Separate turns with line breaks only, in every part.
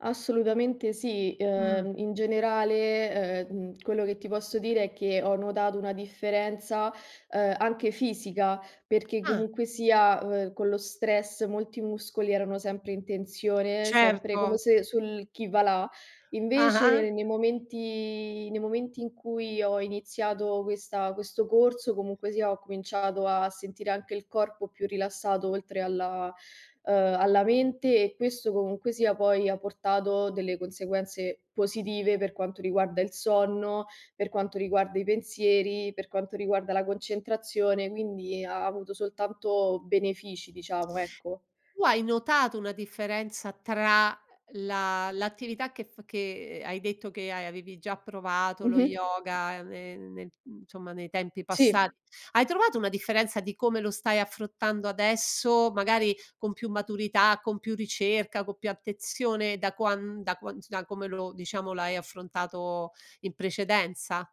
Assolutamente sì.
Mh.
Uhm, in generale, uhm, quello che ti posso dire è che ho notato una differenza, uhm, anche fisica, perché
Ah.
comunque sia, uhm, con lo stress molti muscoli erano sempre in tensione, sempre come
Certo.
se, sul chi va là. Invece,
Ah-ah.
nei momenti nei momenti in cui ho iniziato questa questo corso, comunque sia, ho cominciato a sentire anche il corpo più rilassato oltre alla, uhm, alla mente e questo comunque sia poi ha portato delle conseguenze positive per quanto riguarda il sonno, per quanto riguarda i pensieri, per quanto riguarda la concentrazione, quindi ha avuto soltanto benefici diciamo, ecco.
Tu hai notato una differenza tra, uhm, la l'attività che f che hai detto che hai avevi già provato, lo
Mh-mh.
yoga ne nel, mhmm, insomma nei tempi
Sì.
passati? Hai trovato una differenza di come lo stai affrontando adesso? Magari con più maturità, con più ricerca, co più attenzione da quan da qua da come lo diciamo l'hai affrontato in precedenza?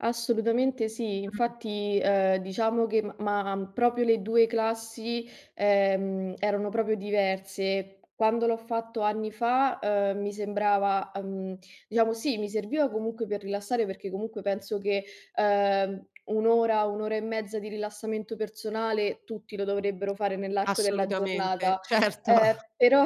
Assolutamente sì.
Mh.
Infatti, ehm, diciamo che, m m'ha proprio le 2 classi, ehm, erano proprio diverse. Quando l'ho fatto anni fa, uhm, mi sembrava, uhm, diciamo sì, mi serviva comunque per rilassare, perché comunque penso che, ehm, 1 ora, 1 ora e mezza di rilassamento personale tutti lo dovrebbero fare nell'arco della
Assolutamente,
giornata,
certo.
ehm, però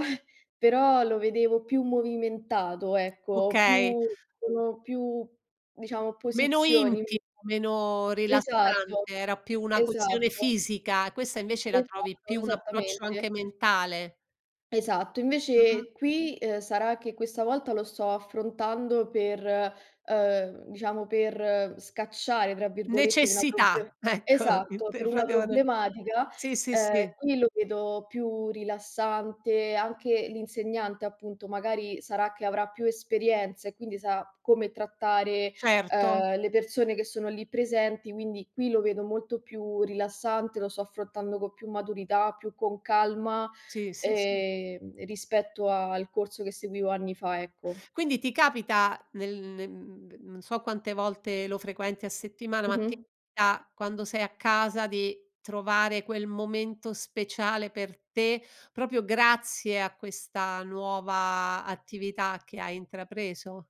però lo vedevo più movimentato, ecco,
Okay.
più sono più, diciamo,
Meno
posizioni.
intimo, meno
Esatto,
rilassante, era più una questione
esatto.
fisica, questa invece la trovi
Esatto,
più un approccio
esattamente.
anche mentale.
Esatto,
Mh-mh.
invece, qui, uhm, sarà che questa volta lo sto affrontando per, uhm, diciamo, per "scacciare", tra virgolette, una proble
Necessità, ecco,
esatto, per una
[unintelligible]
problematica,
Sì, sì,
ehm,
sì.
qui lo vedo più rilassante. Anche l'insegnante, appunto, magari sarà che avrà più esperienza e quindi sa come trattare,
Certo.
uhm, le persone che sono lì presenti, quindi qui lo vedo molto più rilassante, lo sto affrontando co più maturità, più con calma,
Sì, sì, sì.
ehm, rispetto al corso che seguivo anni fa, ecco.
Quindi ti capita, nel nel n non so quante volte lo frequenti a settimana, ma ti
Mh-mh.
capita, quando sei a casa, di trovare quel momento speciale per te, proprio grazie a questa nuova attività che hai intrapreso?